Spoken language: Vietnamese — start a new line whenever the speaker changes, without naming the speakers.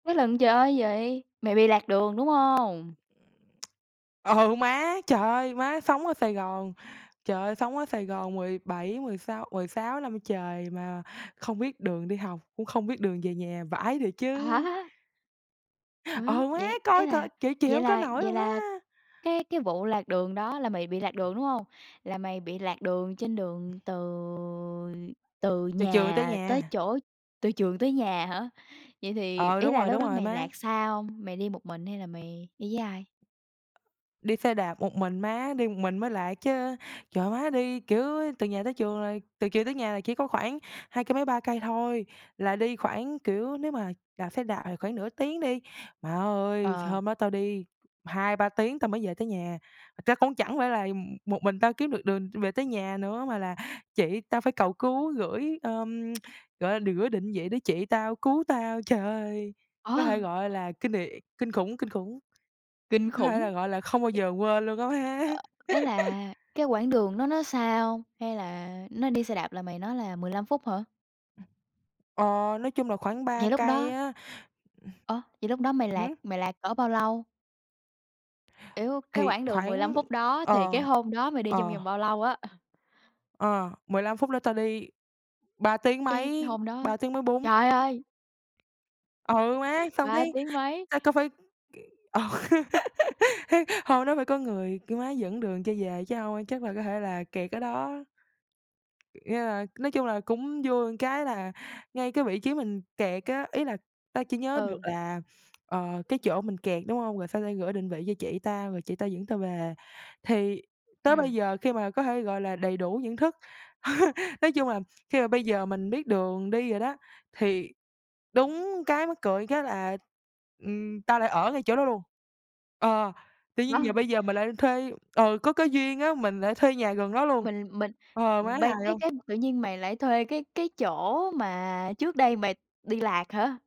Với lần trời ơi gì, mày bị lạc đường, đúng hông?
Ờ, má! Trời ơi, má sống ở Sài Gòn, trời ơi, sống ở Sài Gòn 17 mười sáu mười sáu năm trời mà không biết đường đi học, cũng không biết đường về nhà, vãi thiệt chứ.
Hả?
Ờ,
Ủa,
má!
vậy, ý
Coi coi,
là
chịu chịu
vậy
hông có
là
nổi
vậy
luôn
là
á!
cái cái vụ lạc đường đó là mày bị lạc đường, đúng hông? Là mày bị lạc đường trên đường từ từ
Từ trường tới
nhà tới
nhà.
chỗ từ trường tới nhà hả? Vậy thì
Ờ,
ý
đúng
là
rồi,
lúc
đúng
đó
rồi
mày
má.
lạc xa hông? Mày đi một mình hay là mày đi với ai?
Đi xe đạp một mình má, đi một mình mới lạc chớ. Trời, má đi, kiểu, từ nhà tới trường rồi, từ trường tới nhà là chỉ có khoảng hai cây mấy 3 cây thôi, là đi khoảng kiểu, nếu mà đạp xe đạp thì khoảng nửa tiếng đi, má ơi,
Ờ.
hôm đó tao đi 2, 3 tiếng tao mới về tới nhà. Thật ra cũng chẳng phải là một mình tao kiếm được đường về tới nhà nữa, mà là chị tao phải cầu cứu gửi, ờm, gọi là, gửi định vị để chị tao cứu tao. Trời ơi! Có
Ờ.
thể gọi là kinh đ kinh khủng, kinh khủng.
Kinh
Có thể
khủng.
là, gọi là, không bao giờ quên luôn á má.
Ý là cái quãng đường nó nó xa hông? Hay là nói đi xe đạp là mày nói là 15 phút hả?
Ờ, nói chung là khoảng 3
Vậy, lúc
cây
đó
á,
Ơ, vậy lúc đó mày
ừm,
lạc
hứm?
mày lạc cỡ bao lâu? Kiểu, cái
Thì
quãng đường 15
khoảng
phút đó thì cái
ờ,
hôm đó mày đi trong
ờ.
vòng bao lâu á? Ờ.
Ờ, 15 phút đó tao đi ba tiếng
Cái
mấy,
hôm đó
ba tiếng mấy bốn
trời ơi!
Ừ, má, xong
Ba
cái
tiếng mấy.
tao cao phải c ờ, hông nó phải có người, kiểu, má dẫn đường cho về chứ hông, chắc là có thể là kẹt ở đó. Nghĩa là nói chung là cũng vui cái là ngay cái vị trí mình kẹt á, ý là tao chỉ nhớ được
Ừ.
là, ờ, cái chỗ mình kẹt, đúng hông? Rồi sau tao gửi định vị cho chị tao rồi chị tao dẫn tao về. Thì tới
Ừm.
bây giờ khi mà có thể, gọi là, đầy đủ nhận thức nói chung là khi mà bây giờ mình biết đường đi rồi đó, thì đúng cái mắc cười cái là, ừm, tao lại ở ngay chỗ đó luôn. Ờ, tự nhiên giờ
[unintelligible]
bây giờ mình lại thuê ừ, có cái duyên á, mình lại thuê nhà gần đó luôn,
Mình mình,
ờ, má
ừm, bây
hài
cái
hông?
cái mà tự nhiên mày lại thuê cái cái chỗ mà trước đây mày đi lạc hả?